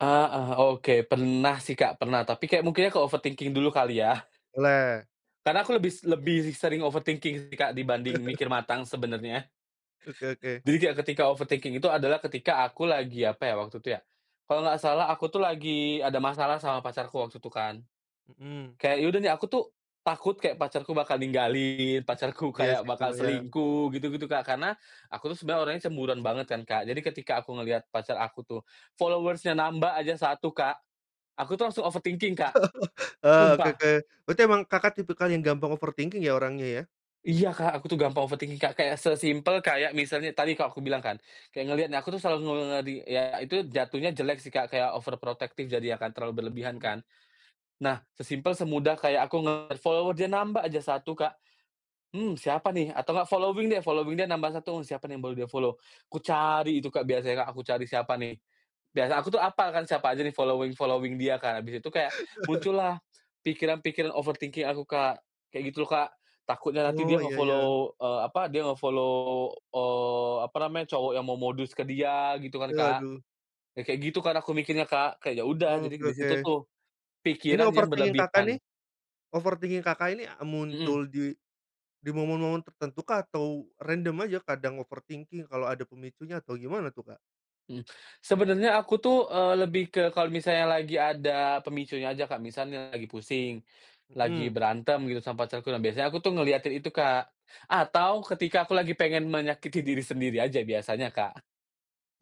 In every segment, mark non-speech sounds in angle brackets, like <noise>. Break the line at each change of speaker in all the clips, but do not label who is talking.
Ah, eh, oke pernah sih Kak pernah tapi kayak mungkin ya ke overthinking dulu kali ya?
Boleh.
Karena aku lebih lebih sering overthinking sih Kak dibanding
<chuckles>
mikir matang sebenarnya.
Oke oke.
Jadi kayak ketika overthinking itu adalah ketika aku lagi apa ya waktu itu ya? Kalau nggak salah aku tuh lagi ada masalah sama pacarku waktu itu kan,
Mhm.
kayak ya udah nih aku tuh takut kayak pacarku bakal ninggalin pacarku
Iya
kayak
sih
bakal
kalau yang
selingkuh gitu gitu Kak karena aku tuh sebenarnya orangnya cemburuan banget kan Kak jadi ketika aku ngelihat pacar aku tuh, followers-nya nambah aja 1 Kak, aku tuh langsung overthinking Kak,
<laughs> Eee,
sumpah.
oke-oke berarti emang Kakak tipikal yang gampang overthinking ya orangnya ya?
Iya Kak aku tuh gampang overthinking Kak kayak sesimple kayak misalnya tadi kalau aku bilang kan, kayak ngelihat nah aku tuh selalu ngeri ya itu jatuhnya jelek sih kak kayak over protektif jadi ya kan terlalu berlebihan
Mhm.
kan, nah sesimple semudah kayak aku ngelihat follower dia nambah aja 1 Kak, mmm, siapa nih atau gak following deh following dia nambah 1 siapa nih baru dia follow kucari itu Kak biasanya Kak aku cari siapa nih, biasa aku tuh hafal kan siapa aja nih following following dia Kak habis di situ kayak
<laughs>
muncullah pikiran-pikiran overthinking aku Kak kayak gitu loh Kak takutnya nanti
Oh
dia
iya iya.
nge-follow, eee, apa dia nge-follow, eee, apa namanya cowok yang mau modus ke dia gitu kan Kak,
Waduh.
ya kayak gitu kan aku mikirnya Kak kayak ya udah
Oke
jadi di
oke,
situ tuh,
ini
pikiran yang
overthinking Kakak
berlebihan.
nih? Overthinking Kakak ini, eee,
Mhm.
muncul di, di momen-momen tertentu kah atau random aja kadang overthinking kalo ada pemicunya atau gimana tuh, Kak?
Mhm, sebenarnya aku tuh, eee, lebih ke kalau misalnya lagi ada pemicunya aja Kak misalnya lagi pusing, lagi
Mhm.
berantem gitu sama pacarku nah biasanya aku tuh ngelihatin itu Kak, atau ketika aku lagi pengen menyakiti diri sendiri aja biasanya, Kak.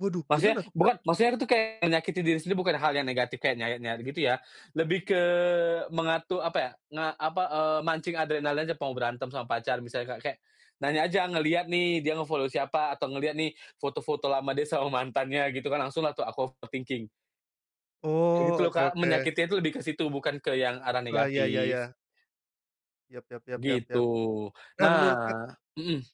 Waduh
Maksudnya
gimana, Kak?
bukan maksudnya itu kayak menyakiti diri sendiri bukan hal yang negatif kayak nyayat-nyayat gitu ya, lebih ke mengatur apa ya nge apa? Eee, mancing adrenalinnya atau mau berantem sama pacar misalnya Kak kayak nanya aja ngelihat nih dia nge-follow siapa atau ngelihat nih foto-foto lama dia sama mantannya gitu kan langsung lah tuh aku overthinking. Kayak gitu
Oh
loh
oke
Kak
oke.
menyakitinya itu lebih ke situ bukan ke yang arah
Wah iya ya
negatif.
ya Ya ya ya ya
Gitu
ya, eh, menurut, Kak?
nah, mhm.